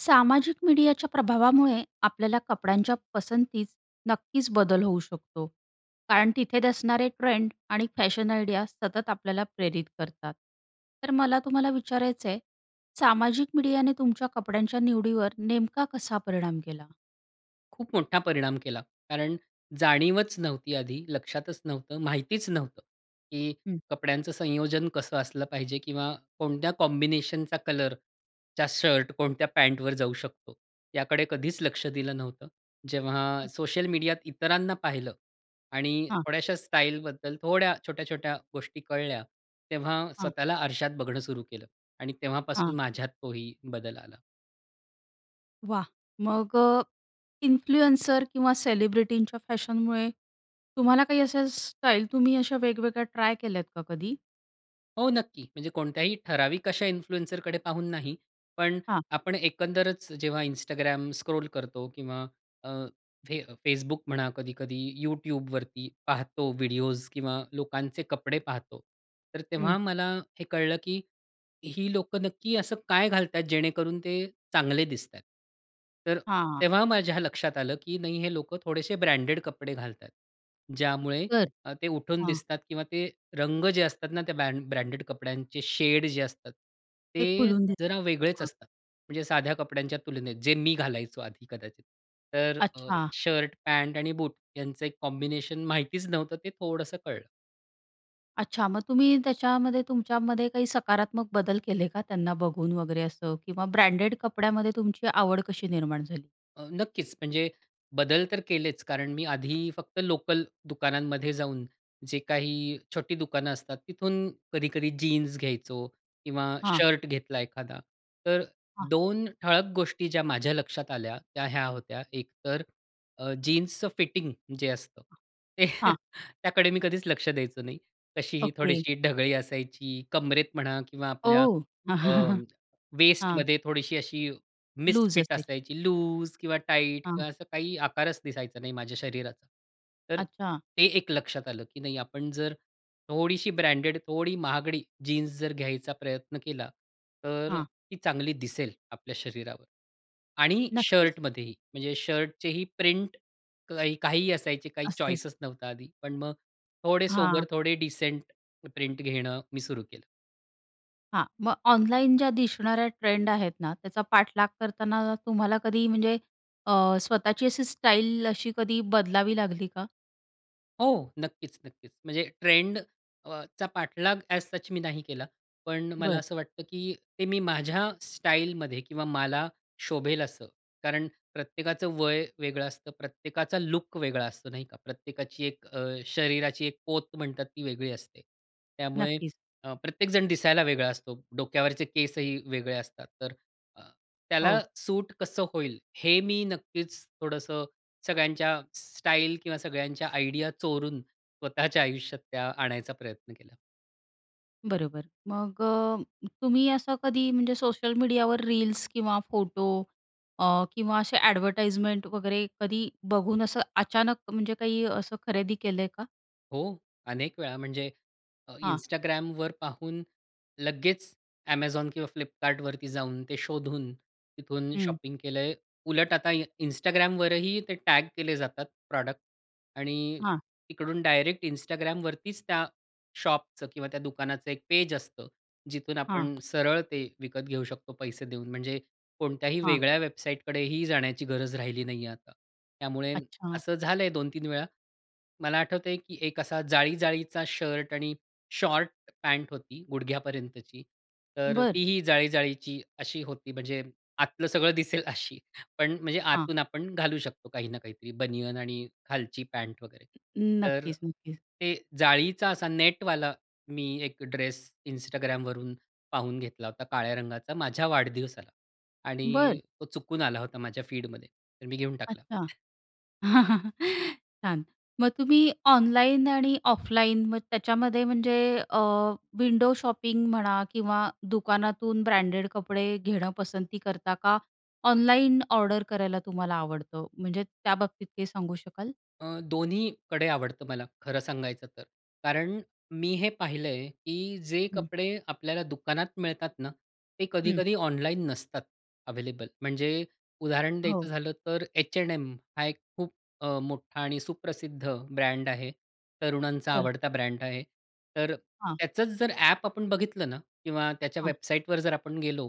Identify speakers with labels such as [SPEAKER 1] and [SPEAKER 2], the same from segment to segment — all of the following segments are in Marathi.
[SPEAKER 1] सामाजिक मीडियाच्या प्रभावामुळे, आपल्याला कपड्यांच्या पसंतीत नक्कीच बदल होऊ शकतो. कारण तिथेच असणारे ट्रेंड आणि फॅशन आयडिया, सतत आपल्याला प्रेरित करतात. तर मला तुम्हाला विचारायचंय, सामाजिक मीडियाने तुमच्या कपड्यांच्या निवडीवर, नेमका कसा परिणाम केला?
[SPEAKER 2] खूप मोठा परिणाम केला. कारण जाणीवच नव्हती, आधी लक्षातच नव्हतं, माहितीच नव्हतं, की
[SPEAKER 1] हं.
[SPEAKER 2] कपड्यांचं संयोजन कसं असलं पाहिजे किंवा कोणत्या कॉम्बिनेशनचा, कलरचा शर्ट, कोणत्या पॅंटवर जाऊ शकतो, याकडे कधीच लक्ष दिलं नव्हतं. जेव्हा
[SPEAKER 1] हं.
[SPEAKER 2] सोशल मीडियात इतरांना पाहिलं आणि
[SPEAKER 1] हां.
[SPEAKER 2] थोड्याश्या स्टाईलबद्दल, थोड्या छोट्या-छोट्या गोष्टी कळल्या. तेव्हा
[SPEAKER 1] हां.
[SPEAKER 2] स्वतःला आरशात बघणं सुरु केलं आणि तेव्हापासून
[SPEAKER 1] हां.
[SPEAKER 2] माझ्यात तोही बदल आला.
[SPEAKER 1] वाह! मग अ, इन्फ्लुएन्सर किंवा सेलिब्रिटींच्या फॅशनमुळे, तुम्हाला काही अशा स्टाईल, तुम्ही अशा वेगवेगळ्या, ट्राय केल्या का कधी?
[SPEAKER 2] हो, नक्की. म्हणजे कोणत्याही ठराविक अशा इन्फ्लुएन्सरकडे पाहून नाही, पण
[SPEAKER 1] हां.
[SPEAKER 2] आपण एकंदरच जेव्हा Instagram स्क्रॉल करतो, किंवा अ, फे Facebook म्हणा, कधी-कधी YouTubeवरती पाहतो व्हिडिओज किंवा लोकांचे कपडे पाहतो. तर
[SPEAKER 1] हं.
[SPEAKER 2] तेव्हा मला हे कळलं, की ही लोकं नक्की असं काय घालतात, जेणेकरून ते चांगले दिसतात. तर अ,
[SPEAKER 1] हां.
[SPEAKER 2] तेव्हा माझ्या लक्षात आलं, की नाही हे लोकं थोडेसे ब्रँडेड कपडे घालतात, ज्यामुळे
[SPEAKER 1] बरं.
[SPEAKER 2] ते अ, उठून
[SPEAKER 1] हां.
[SPEAKER 2] दिसतात. किंवा ते रंग जे असतात ना, त्या ब्रँड ब्रँडेड कपड्यांचे शेड जे असतात,
[SPEAKER 1] ते
[SPEAKER 2] ते
[SPEAKER 1] खुलून देत.
[SPEAKER 2] जरा वेगळेच
[SPEAKER 1] हां.
[SPEAKER 2] असतात. म्हणजे साध्या कपड्यांच्या तुलनेत जे मी घालायचो, आधी कदाचित. तर अ,
[SPEAKER 1] अच्छा.
[SPEAKER 2] शर्ट, पॅन्ट आणि बूट यांचं एक कॉम्बिनेशन माहितीच नव्हतं, ते थोडंसं कळलं.
[SPEAKER 1] अच्छा मग तुम्ही त्याच्यामध्ये तुमच्यामध्ये काही सकारात्मक बदल केले का त्यांना बघून वगैरे असं किंवा ब्रँडेड कपड्यामध्ये तुमची आवड कशी निर्माण झाली?
[SPEAKER 2] अ, नक्कीच म्हणजे बदल तर केलेच. कारण मी आधी फक्त लोकल दुकानांमध्ये जाऊन जे काही छोटी दुकानं असतात, तिथून कधी-कधी जीन्स घ्यायचो किंवा
[SPEAKER 1] हां.
[SPEAKER 2] शर्ट घेतला एखादा. तर
[SPEAKER 1] हां.
[SPEAKER 2] 2 ठळक गोष्टी ज्या माझ्या लक्षात आल्या त्या ह्या होत्या, एक तर अ, जीन्सचं फिटिंग जे असतं,
[SPEAKER 1] हां.
[SPEAKER 2] त्याकडे मी कधीच लक्ष द्यायचो नाही. कशीही
[SPEAKER 1] ओके.
[SPEAKER 2] थोडीशी ढगळी असायची, कंबरेत म्हणा किंवा आपल्या
[SPEAKER 1] ओह.
[SPEAKER 2] अ,
[SPEAKER 1] हां.
[SPEAKER 2] वेस्टमध्ये थोडीशी अशी
[SPEAKER 1] लूज
[SPEAKER 2] मिसफिट
[SPEAKER 1] असे.
[SPEAKER 2] असायची. लूज किंवा टाईट
[SPEAKER 1] हां.
[SPEAKER 2] किंवा असं काही आकारच दिसायचा नाही माझ्या शरीराचा. तर
[SPEAKER 1] अच्छा.
[SPEAKER 2] ते एक लक्षात आलं, की नाही आपण जर थोडीशी ब्रँडेड, थोडी महागडी जीन्स जर घ्यायचा प्रयत्न केला, तर
[SPEAKER 1] हां.
[SPEAKER 2] ती चांगली दिसेल आपल्या शरीरावर. आणि
[SPEAKER 1] नक्कीच.
[SPEAKER 2] शर्टमध्येही, म्हणजे शर्टचेही प्रिंट काही काहीही असायचे. काही
[SPEAKER 1] असतेच.
[SPEAKER 2] चॉइसेस नव्हता आधी. पण मग थोडे सोबर
[SPEAKER 1] हां.
[SPEAKER 2] थोडे डिसेंट प्रिंट घेणं मी सुरु केलं.
[SPEAKER 1] हां, मग ऑनलाईन ज्या दिसणाऱ्या ट्रेंड आहेत ना त्याचा पाठलाग करताना तुम्हाला कधी म्हणजे अ, स्वतःची अशी स्टाईल अशी कधी बदलावी लागली का?
[SPEAKER 2] हो. नक्कीच, नक्कीच म्हणजे ट्रेंडचा पाठलाग अ‍ॅज सच मी नाही केला. पण मला
[SPEAKER 1] बरं.
[SPEAKER 2] असं वाटतं, की ते मी माझ्या स्टाईलमध्ये किंवा मला शोभेल असं. कारण प्रत्येकाचं वय वेगळं असतं. प्रत्येकाचा लूक वेगळा असतो नाही का? प्रत्येकाची एक अ, शरीराची एक पोत म्हणतात ती वेगळी असते. त्यामुळे
[SPEAKER 1] नक्कीच.
[SPEAKER 2] अ, प्रत्येकजण दिसायला वेगळा असतो. डोक्यावरचे केसही वेगळे असतात. तर अ, त्याला
[SPEAKER 1] हो.
[SPEAKER 2] सूट कसं होईल? हे मी नक्कीच थोडंसं सगळ्यांच्या स्टाईल किंवा सगळ्यांच्या आयडिया चोरून स्वतःच्या आयुष्यात त्या आणायचा प्रयत्न केला.
[SPEAKER 1] बरोबर मग अ, तुम्ही असं कधी म्हणजे सोशल मीडियावर रील्स किंवा फोटो अ, किंवा असे एडव्हर्टाइजमेंट वगैरे कधी बघून असं अचानक म्हणजे काही असं खरेदी केलंय का?
[SPEAKER 2] हो. अनेक वेळा म्हणजे अ,
[SPEAKER 1] हां.
[SPEAKER 2] Instagramवर पाहून लगेच Amazon किंवा Flipkartवरती जाऊन ते शोधून तिथून
[SPEAKER 1] हं.
[SPEAKER 2] शॉपिंग केलंय. उलट आता Instagramवरही ते टॅग केले जातात प्रॉडक्ट आणि
[SPEAKER 1] हां.
[SPEAKER 2] तिकडून डायरेक्ट Instagramवरतीच त्या शॉपचं किंवा त्या दुकानाचं एक पेज असतं. जिथून
[SPEAKER 1] हां.
[SPEAKER 2] आपण सरळ ते विकत घेऊ शकतो पैसे देऊन म्हणजे कोणत्याही
[SPEAKER 1] हां.
[SPEAKER 2] वेगळ्या वेबसाईटकडेही जाण्याची गरज राहिली नाहीये आता. त्यामुळे
[SPEAKER 1] अच्छा.
[SPEAKER 2] असं झालंय 2-3 वेळा. मला आठवतंय की एक असा जाळी जाळीचा शर्ट आणि शॉर्ट पॅन्ट होती गुडघ्यापर्यंतची तर
[SPEAKER 1] बरं.
[SPEAKER 2] तीही जाळी जाळीची अशी होती म्हणजे आतलं सगळं दिसेल अशी पण म्हणजे
[SPEAKER 1] हां.
[SPEAKER 2] आतून आपण घालू शकतो काही ना काहीतरी बनियन आणि खालची पॅन्ट वगैरे. तर
[SPEAKER 1] नक्कीच, नक्कीच.
[SPEAKER 2] ते जाळीचा असा नेटवाला मी एक ड्रेस Instagramवरून पाहून घेतला होता काळ्या रंगाचा माझ्या वाढदिवसाला
[SPEAKER 1] बरं.
[SPEAKER 2] आणि तो चुकून आला होता माझ्या फीडमध्ये, तर मी घेऊन टाकला.
[SPEAKER 1] अच्छा. छान. मग तुम्ही ऑनलाईन आणि ऑफलाईन मग त्याच्यामध्ये म्हणजे अ, विंडो शॉपिंग म्हणा किंवा दुकानातून ब्रँडेड कपडे घेणं पसंती करता का, ऑनलाईन ऑर्डर करायला तुम्हाला आवडतं म्हणजे त्या बाबतीत काही सांगू शकाल?
[SPEAKER 2] अ, दोन्हीकडे आवडतं मला खरं सांगायचं तर. कारण मी हे पाहिलंय, की जे
[SPEAKER 1] हं.
[SPEAKER 2] कपडे आपल्याला दुकानात मिळतात ना? ते
[SPEAKER 1] हं.
[SPEAKER 2] कधी-कधी ऑनलाईन नसतात अव्हेलेबल. म्हणजे उदाहरण
[SPEAKER 1] हो.
[SPEAKER 2] द्यायचं झालं तर H&M हा एक खूप अ, मोठा आणि सुप्रसिद्ध ब्रँड आहे. तरुणांचा
[SPEAKER 1] बरं.
[SPEAKER 2] आवडता ब्रँड आहे. तर अ,
[SPEAKER 1] हां.
[SPEAKER 2] त्याचंच जर ॲप आपण बघितलं ना किंवा त्याच्या
[SPEAKER 1] हां.
[SPEAKER 2] वेबसाईटवर जर आपण गेलो,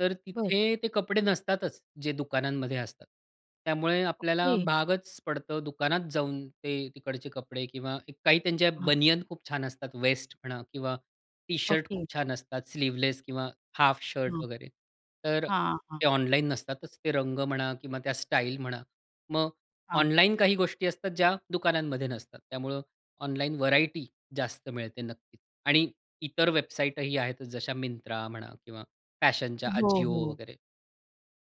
[SPEAKER 2] तर
[SPEAKER 1] बरं.
[SPEAKER 2] तिथे ते कपडे नसतातच जे दुकानांमध्ये असतात. त्यामुळे आपल्याला
[SPEAKER 1] ओके.
[SPEAKER 2] भागच पडतो दुकानात जाऊन ते तिकडचे कपडे किंवा काही त्यांच्या
[SPEAKER 1] हां.
[SPEAKER 2] बनियन खूप छान असतात वेस्ट म्हणा किंवा टी-शर्ट खूप
[SPEAKER 1] ओके.
[SPEAKER 2] छान असतात स्लीवलेस किंवा हाफ शर्ट
[SPEAKER 1] हां.
[SPEAKER 2] वगैरे. तर अ,
[SPEAKER 1] हां, हां.
[SPEAKER 2] ते ऑनलाईन नसतातच, ते रंग म्हणा किंवा त्या स्टाईल म्हणा. मग
[SPEAKER 1] हां.
[SPEAKER 2] ऑनलाईन काही गोष्टी असतात, ज्या दुकानांमध्ये नसतात. त्यामुळं ऑनलाईन व्हरायटी जास्त मिळते नक्कीच. आणि इतर वेबसाईटही आहेत जशा Myntra म्हणा किंवा फॅशनच्या
[SPEAKER 1] हो,
[SPEAKER 2] Ajio
[SPEAKER 1] हो.
[SPEAKER 2] वगैरे.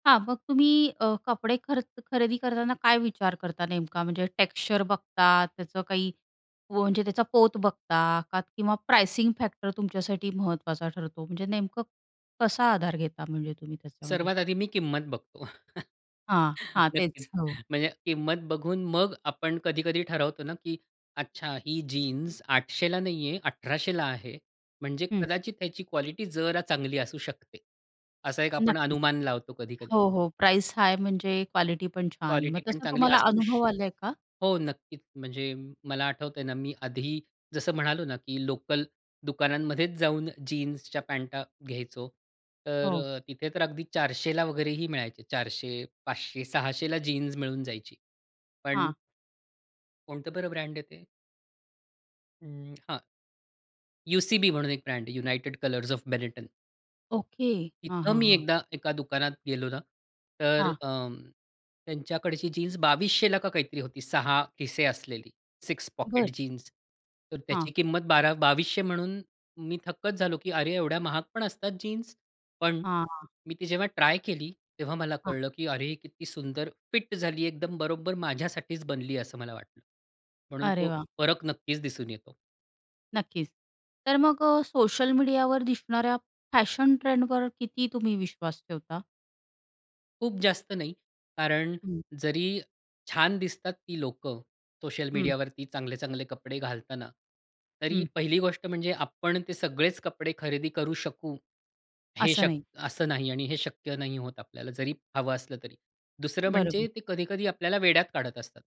[SPEAKER 1] हां, मग तुम्ही अ, कपडे खरच खरेदी करताना काय विचार करता नेमका? म्हणजे टेक्स्चर बघतात त्याचं काही, व म्हणजे त्याचा पोत बघता का किंवा प्राइसिंग फॅक्टर तुमच्यासाठी महत्वाचा ठरतो. म्हणजे नेमकं कसा आधार घेता म्हणजे तुम्ही त्याच्यामध्ये?
[SPEAKER 2] सर्वात आधी मी किंमत बघतो.
[SPEAKER 1] हां. हां,
[SPEAKER 2] नक्कीच.
[SPEAKER 1] तेच. हो.
[SPEAKER 2] म्हणजे किंमत बघून मग आपण कधी-कधी ठरवतो ना, की "अच्छा, ही जीन्स 800 ला नाही आहे, 1,800 ला आहे. म्हणजे
[SPEAKER 1] हं.
[SPEAKER 2] कदाचित त्याची क्वालिटी जरा चांगली असू शकते. असा एक आपण
[SPEAKER 1] नक्कीच.
[SPEAKER 2] अनुमान लावतो कधी-कधी.
[SPEAKER 1] हो, हो. प्राईस हाय म्हणजे क्वालिटी पण छान. मग
[SPEAKER 2] क्वालिटी पण
[SPEAKER 1] तसं
[SPEAKER 2] चांगली
[SPEAKER 1] तुम्हाला
[SPEAKER 2] असू
[SPEAKER 1] अनुभव
[SPEAKER 2] शक
[SPEAKER 1] आला का?
[SPEAKER 2] हो, नक्कीच. म्हणजे मला आठवतंय ना, मी आधी जसं म्हणालो ना, की लोकल दुकानांमध्येच जाऊन जीन्सच्या पॅंट घ्यायचो. तर
[SPEAKER 1] हो.
[SPEAKER 2] तिथे तर अगदी 400 ला वगैरेही मिळायचे. 400, 500, 600 ला जीन्स मिळून जायची. पण
[SPEAKER 1] हां.
[SPEAKER 2] कोणतं बरं ब्रँड आहे ते? हं, हां. UCB म्हणून एक ब्रँड आहे, United Colors of Benetton.
[SPEAKER 1] Okay. हां,
[SPEAKER 2] इथं
[SPEAKER 1] हां,
[SPEAKER 2] मी
[SPEAKER 1] हां.
[SPEAKER 2] एकदा, एका दुकानात गेलो ना, तर
[SPEAKER 1] हां.
[SPEAKER 2] अ, त्यांच्याकडची जीन्स 2,200 ला का काहीतरी होती, 6 खिसे असलेली, 6
[SPEAKER 1] बरं.
[SPEAKER 2] Pocket jeans. तर
[SPEAKER 1] हां.
[SPEAKER 2] त्याची किंमत बारा 2,200 म्हणून मी थक्कच झालो, की "अरे, एवढ्या महाग पण असतात जीन्स?" पण
[SPEAKER 1] हां.
[SPEAKER 2] मी ती जेव्हा ट्राय केली, तेव्हा मला
[SPEAKER 1] हां.
[SPEAKER 2] कळलं, की "अरे, ही किती सुंदर फिट झाली आहे, एकदम बरोबर माझ्यासाठीच बनली आहे," असं मला वाटलं. म्हणून
[SPEAKER 1] अरे
[SPEAKER 2] तो
[SPEAKER 1] वाह!
[SPEAKER 2] फरक नक्कीच दिसून येतो.
[SPEAKER 1] नक्कीच. तर मग अ, सोशल मीडियावर दिसणाऱ्या फॅशन ट्रेंडवर किती तुम्ही विश्वास ठेवता?
[SPEAKER 2] खूप जास्त नाही, कारण
[SPEAKER 1] हं.
[SPEAKER 2] जरी छान दिसतात ती लोकं सोशल
[SPEAKER 1] हं.
[SPEAKER 2] मीडियावरती चांगले, चांगले कपडे घालताना, तरी
[SPEAKER 1] हं.
[SPEAKER 2] पहिली गोष्ट म्हणजे आपण ते सगळेच कपडे खरेदी करू शकू हे
[SPEAKER 1] असं
[SPEAKER 2] शक्
[SPEAKER 1] नाही.
[SPEAKER 2] असं नाही आणि हे शक्य नाही होत आपल्याला, जरी हवं असलं तरी. दुसरं म्हणजे
[SPEAKER 1] बरोबर.
[SPEAKER 2] ते कधी-कधी आपल्याला वेड्यात काढत असतात.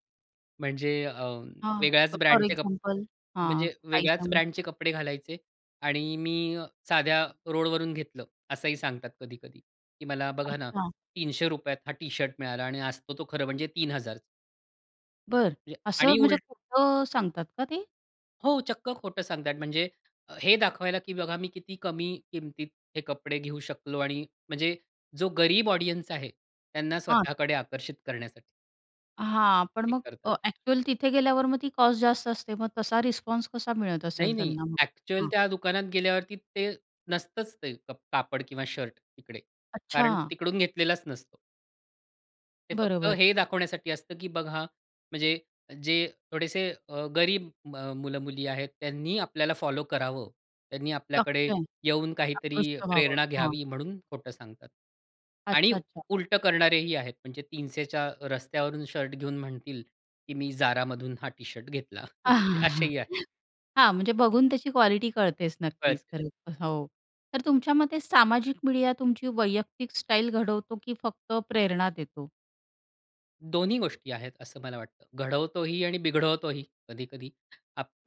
[SPEAKER 2] म्हणजे अ,
[SPEAKER 1] हां.
[SPEAKER 2] वेगळ्याच
[SPEAKER 1] फोर
[SPEAKER 2] ब्रँडचे कपडे
[SPEAKER 1] एक्झाम्पल हां,
[SPEAKER 2] म्हणजे
[SPEAKER 1] काही
[SPEAKER 2] वेगळ्याच
[SPEAKER 1] सांगायचं.
[SPEAKER 2] ब्रँडचे कपडे घालायचे आणि मी साध्या रोडवरून घेतलं असंही सांगतात कधी-कधी की मला बघा ना,
[SPEAKER 1] अच्छा.
[SPEAKER 2] ₹300 त हा टी-शर्ट मिळाला आणि असतो तो खरं म्हणजे 3,000.
[SPEAKER 1] बरं,
[SPEAKER 2] ये
[SPEAKER 1] असं
[SPEAKER 2] आणि
[SPEAKER 1] म्हणजे
[SPEAKER 2] उल
[SPEAKER 1] खोटं सांगतात का ते?
[SPEAKER 2] हो, चक्क खोटं सांगतायेत म्हणजे हे दाखवायला, की बघा मी किती कमी किमतीत हे कपडे घेऊ शकलो आणि म्हणजे जो गरीब ऑडियन्स आहे त्यांना
[SPEAKER 1] हां.
[SPEAKER 2] स्वतःकडे आकर्षित करण्यासाठी
[SPEAKER 1] हां, पण
[SPEAKER 2] हे
[SPEAKER 1] मग
[SPEAKER 2] करतात.
[SPEAKER 1] अ, ॲक्चुअल तिथे गेल्यावर मग ती कॉस्ट जास्त असते मग तसा रिस्पॉन्स कसा मिळत
[SPEAKER 2] नाही,
[SPEAKER 1] असेल
[SPEAKER 2] नाही.
[SPEAKER 1] त्यांना मग?
[SPEAKER 2] ॲक्चुअल
[SPEAKER 1] हां.
[SPEAKER 2] त्या दुकानात गेल्यावरती ते नसतंच ते क कापड किंवा शर्ट तिकडे.
[SPEAKER 1] अच्छा.
[SPEAKER 2] कारण तो तिकडून घेतलेलाच नसतो. ते फक्त
[SPEAKER 1] बरोबर.
[SPEAKER 2] हे दाखवण्यासाठी असतं, की बघा म्हणजे जे थोडेसे अ, गरीब अ, म मुलं-मुली आहेत, त्यांनी आपल्याला फॉलो करावं. त्यांनी आपल्याकडे
[SPEAKER 1] [unintelligible]
[SPEAKER 2] येऊन काहीतरी
[SPEAKER 1] आकृष्ट व्हावं.
[SPEAKER 2] प्रेरणा
[SPEAKER 1] हां.
[SPEAKER 2] घ्यावी म्हणून खोटं सांगतात. आणि
[SPEAKER 1] अच्छा-अच्छा.
[SPEAKER 2] उलटं करणारेही आहेत म्हणजे 300 च्या रस्त्यावरून शर्ट घेऊन म्हणतील, की मी Zaraमधून हा टी-शर्ट घेतला असेही आहेत.
[SPEAKER 1] हां, म्हणजे बघून त्याची क्वालिटी कळतेच नक्कीच
[SPEAKER 2] कळतं.
[SPEAKER 1] खरंतर. हो. तर तुमच्या मते सामाजिक मीडिया तुमची वैयक्तिक स्टाईल घडवतो की फक्त प्रेरणा देतो?
[SPEAKER 2] दोन्ही गोष्टी आहेत असं मला वाटतं. घडवतोही आणि बिघडवतोही कधी-कधी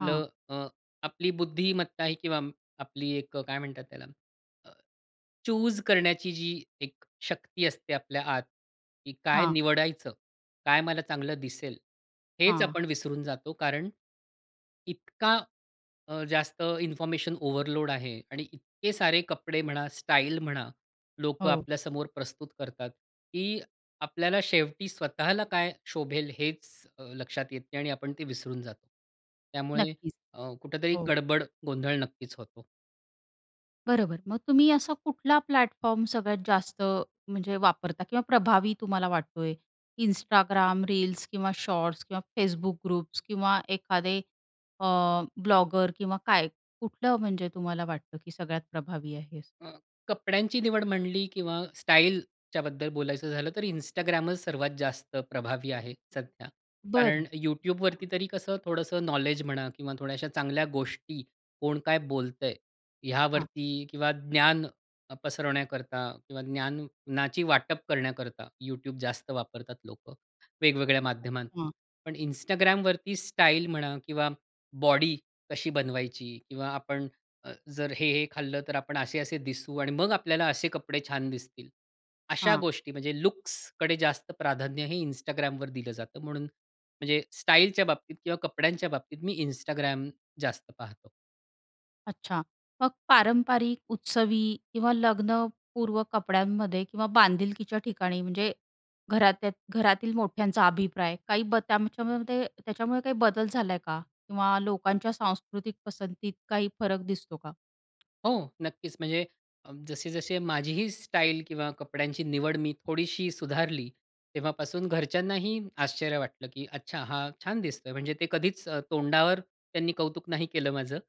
[SPEAKER 1] हां.
[SPEAKER 2] अ, अ, आपली बुद्धिमत्ता आहे किंवा आपली एक अ, काय म्हणतात त्याला अ, चूज करण्याची जी एक शक्ती असते आपल्या आत, की काय
[SPEAKER 1] हां.
[SPEAKER 2] निवडायचं? काय मला चांगलं दिसेल, हेच
[SPEAKER 1] हां.
[SPEAKER 2] आपण विसरून जातो. कारण इतका अ, जास्त इन्फॉर्मेशन ओव्हरलोड आहे आणि इतके सारे कपडे म्हणा, स्टाईल म्हणा लोकं
[SPEAKER 1] हो.
[SPEAKER 2] आपल्या समोर प्रस्तुत करतात, की आपल्याला शेवटी स्वतःला काय शोभेल हेच अ, लक्षात येत नाही आणि आपण ते विसरून जातो. त्यामुळे
[SPEAKER 1] नक्कीच.
[SPEAKER 2] अ, कुठेतरी
[SPEAKER 1] हो.
[SPEAKER 2] गडबड गोंधळ नक्कीच होतो.
[SPEAKER 1] बरोबर. मग तुम्ही असा कुठला प्लॅटफॉर्म सगळ्यात जास्त म्हणजे वापरता किंवा प्रभावी तुम्हाला वाटतोय? Instagram रील्स किंवा शॉर्ट्स किंवा Facebook ग्रुप्स किंवा एखादे अ, ब्लॉगर किंवा काय? कुठलं म्हणजे तुम्हाला वाटतं, की सगळ्यात प्रभावी आहे?
[SPEAKER 2] अ, कपड्यांची निवड म्हणली किंवा स्टाईलच्या बद्दल बोलायचं झालं तर Instagramच सर्वात जास्त प्रभावी आहे सध्या. कारण
[SPEAKER 1] बरं.
[SPEAKER 2] YouTubeवरती तरी कसं थोडंसं नॉलेज म्हणा किंवा थोड्या अशा चांगल्या गोष्टी कोण काय बोलतंय?
[SPEAKER 1] हां.
[SPEAKER 2] यावरती किंवा ज्ञान पसरवण्याकरता किंवा ज्ञानाची वाटप करण्याकरता YouTube जास्त वापरतात लोकं वेगवेगळ्या माध्यमातून.
[SPEAKER 1] अच्छा.
[SPEAKER 2] पण Instagramवरती स्टाईल म्हणा किंवा बॉडी कशी बनवायची? किंवा आपण जर हे, हे खाल्लं तर आपण असे-असे दिसू आणि मग आपल्याला असे कपडे छान दिसतील. अशा
[SPEAKER 1] हां.
[SPEAKER 2] गोष्टी म्हणजे लुक्सकडे जास्त प्राधान्य हे Instagramवर दिलं जातं, म्हणून म्हणजे स्टाईलच्या बाबतीत किंवा कपड्यांच्या बाबतीत मी Instagram जास्त पाहतो.
[SPEAKER 1] अच्छा. मग पारंपरिक उत्सवी किंवा लग्नपूर्व कपड्यांमध्ये किंवा बांधिलकीच्या ठिकाणी म्हणजे घरातल्या घरातील मोठ्यांचा अभिप्राय काही ब त्याच्यामध्ये त्याच्यामुळे काही बदल झालाय का? किंवा लोकांच्या सांस्कृतिक पसंतीत काही फरक दिसतो का?
[SPEAKER 2] हो, नक्कीच. म्हणजे अ, जसे-जसे माझीही स्टाईल किंवा कपड्यांची निवड मी थोडीशी सुधारली, तेव्हापासून घरच्यांनाही आश्चर्य वाटलं, की "अच्छा, हा छान दिसतोय." म्हणजे ते कधीच अ, तोंडावर त्यांनी कौतुक नाही केलं माझं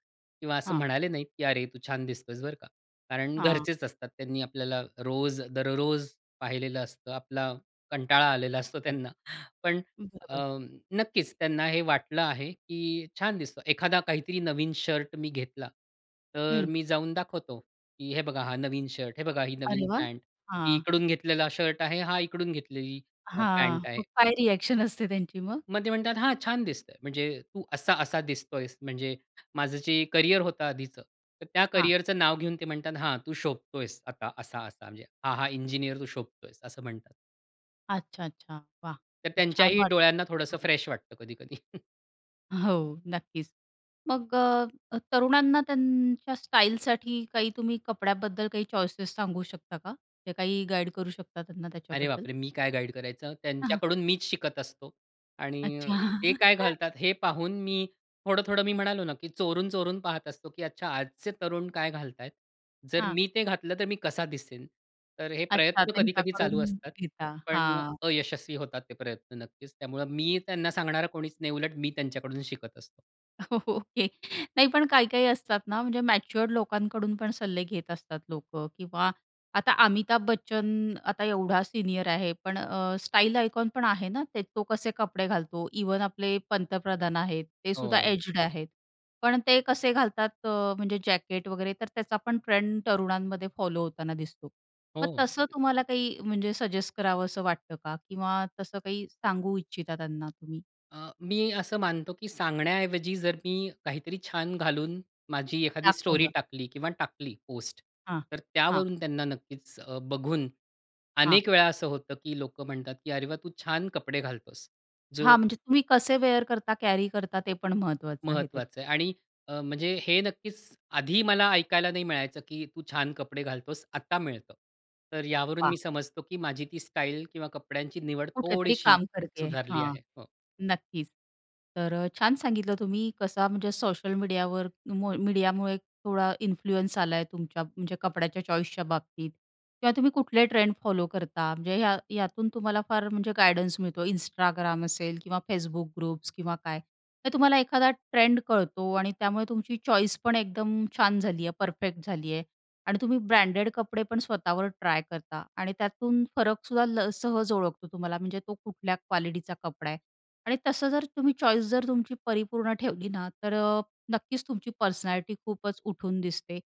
[SPEAKER 2] किंवा असं
[SPEAKER 1] हां.
[SPEAKER 2] म्हणाले नाहीत, की "अरे, तू छान दिसतोयस बरं का." कारण
[SPEAKER 1] हां.
[SPEAKER 2] घरचेच असतात, त्यांनी आपल्याला रोज दररोज पाहिलेलं असतं. आपला कंटाळा आलेला असतो त्यांना. पण अ,
[SPEAKER 1] बरोबर.
[SPEAKER 2] नक्कीच त्यांना हे वाटलं आहे, की छान दिसतं. एखादा काहीतरी नवीन शर्ट मी घेतला. तर अ,
[SPEAKER 1] हं.
[SPEAKER 2] मी जाऊन दाखवतो, की "हे बघा, हा नवीन शर्ट, हे बघा ही
[SPEAKER 1] अरे
[SPEAKER 2] नवीन
[SPEAKER 1] वाह!
[SPEAKER 2] पॅन्ट, ही
[SPEAKER 1] हां.
[SPEAKER 2] इकडून घेतलेला शर्ट आहे, हा इकडून घेतलेली अ,
[SPEAKER 1] हां,
[SPEAKER 2] पॅन्ट आहे."
[SPEAKER 1] मग काय रिॲक्शन असते त्यांची मग?
[SPEAKER 2] मग ते म्हणतात, "हां, छान दिसतं आहे." म्हणजे तू असा-असा दिसत आहेस, म्हणजे माझं जे करिअर होतं आधीचं, तर त्या
[SPEAKER 1] हां.
[SPEAKER 2] करिअरचं नाव घेऊन, ते म्हणतात, "हां, तू शोभत आहेस आता असा-असा." म्हणजे, "हा, हा, इंजिनिअर तू शोभत आहेस," असं म्हणतात.
[SPEAKER 1] अच्छा, अच्छा. वाह!
[SPEAKER 2] तर
[SPEAKER 1] छान
[SPEAKER 2] त्यांच्याही
[SPEAKER 1] वाटत
[SPEAKER 2] डोळ्यांना
[SPEAKER 1] असेल
[SPEAKER 2] थोडंसं
[SPEAKER 1] हं.
[SPEAKER 2] फ्रेश वाटतं कधी-कधी.
[SPEAKER 1] हो, नक्कीच. मग अ, अ, तरुणांना त्यांच्या स्टाईलसाठी काही तुम्ही कपड्याबद्दल काही चॉईसेस सांगू शकता का? की काही गाईड करू शकता त्यांना
[SPEAKER 2] अरे,
[SPEAKER 1] त्याच्याबद्दल?
[SPEAKER 2] बापरे! मी काय गाईड करायचं?
[SPEAKER 1] हां.
[SPEAKER 2] त्यांच्याकडून मीच शिकत असतो. आणि
[SPEAKER 1] अच्छा.
[SPEAKER 2] ते काय घालतात हे पाहून, मी थोडं-थोडं मी म्हणालो ना, की चोरून, चोरून पाहत असतो, की "अच्छा, आजचे तरुण काय घालत आहेत, जर
[SPEAKER 1] हां.
[SPEAKER 2] मी ते घातलं, तर मी कसा दिसेन?" तर हे
[SPEAKER 1] अच्छा,
[SPEAKER 2] प्रयत्न कधी-कधी चालू
[SPEAKER 1] त्यांच्याकडून
[SPEAKER 2] असतात.
[SPEAKER 1] घेता.
[SPEAKER 2] पण अ,
[SPEAKER 1] हां.
[SPEAKER 2] अयशस्वी होतात ते प्रयत्न नक्कीच. त्यामुळे मी त्यांना सांगणारा कोणीच नाही, उलट मी त्यांच्याकडून शिकत असतो.
[SPEAKER 1] ओके नाही पण काही-काही असतात ना म्हणजे मॅच्युअर्ड लोकांकडून पण सल्ले घेत असतात लोकं किंवा आता अमिताभ बच्चन आता एवढा सीनियर आहे पण अ, स्टाईल आयकॉन पण आहे ना ते. तो कसे कपडे घालतो. इव्हन आपले पंतप्रधान आहेत ते सुद्धा
[SPEAKER 2] हो.
[SPEAKER 1] एज्ड आहेत. पण ते कसे घालतात अ, म्हणजे जॅकेट वगैरे तर त्याचा पण ट्रेंड तरुणांमध्ये फॉलो होताना दिसतो. मग
[SPEAKER 2] हो.
[SPEAKER 1] तसं तुम्हाला काही म्हणजे सजेस्ट करावंस वाटतं का? किंवा तसं काही सांगू इच्छिता त्यांना तुम्ही?
[SPEAKER 2] अ, मी असं मानतो, की सांगण्याऐवजी जर मी काहीतरी छान घालून माझी एखादी स्टोरी
[SPEAKER 1] दाखवलं.
[SPEAKER 2] टाकली किंवा टाकली पोस्ट
[SPEAKER 1] हां.
[SPEAKER 2] तर
[SPEAKER 1] हां.
[SPEAKER 2] त्यावरून त्यांना नक्कीच अ, बघून
[SPEAKER 1] हां.
[SPEAKER 2] अनेक वेळा असं होतं की लोकं म्हणतात, की "अरे वाह! तू छान कपडे घालतोस." जो
[SPEAKER 1] हां, म्हणजे तुम्ही कसे वेअर करता, कॅरी करता ते पण महत्वाचं आहे
[SPEAKER 2] महत्वाचं आहे.
[SPEAKER 1] त्याच्यामध्ये.
[SPEAKER 2] आणि अ, म्हणजे हे नक्कीच आधी मला ऐकायला नाही मिळायचं की "तू छान कपडे घालतोस." आता मिळतं. तर यावरून मी
[SPEAKER 1] वाह!
[SPEAKER 2] समजतो की माझी ती स्टाईल किंवा कपड्यांची निवड
[SPEAKER 1] कुठेतरी
[SPEAKER 2] थोडीशी
[SPEAKER 1] काम करते आहे,
[SPEAKER 2] सुधारली
[SPEAKER 1] हां.
[SPEAKER 2] आहे. हो.
[SPEAKER 1] नक्कीच. तर अ, छान सांगितलं तुम्ही कसा म्हणजे सोशल मीडियावर मु मीडियामुळे थोडा इन्फ्लुअन्स आलाय तुमच्या म्हणजे कपड्याच्या चॉईसच्या बाबतीत किंवा तुम्ही कुठले ट्रेंड फॉलो करता म्हणजे या यातून तुम्हाला फार म्हणजे गाईडन्स मिळतो Instagram असेल किंवा Facebook ग्रुप्स किंवा काय. तर तुम्हाला एखादा ट्रेंड कळतो आणि त्यामुळे तुमची चॉईस पण एकदम छान झाली आहे. परफेक्ट झाली आहे आणि तुम्ही ब्रँडेड कपडे पण स्वतःवर ट्राय करता आणि त्यातून फरक सुद्धा ल सहज ओळखतो तुम्हाला म्हणजे तो कुठल्या क्वालिटीचा कपडा आहे. आणि तसं जर तुम्ही चॉईस जर तुमची परिपूर्ण ठेवली ना, तर अ, नक्कीच तुमची पर्सनॅलिटी खूपच उठून दिसते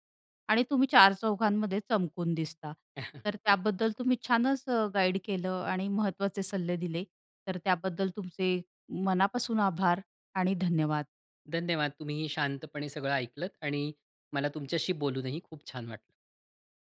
[SPEAKER 1] आणि तुम्ही चार चौघांमध्ये चमकून दिसता. तर त्याबद्दल तुम्ही छानच अ, गाईड केलं आणि महत्त्वाचे सल्ले दिले. तर त्याबद्दल तुमचे मनापासून आभार आणि धन्यवाद.
[SPEAKER 2] धन्यवाद. तुम्हीही शांतपणे सगळं ऐकलत आणि मला तुमच्याशी बोलूनही खूप छान वाटलं.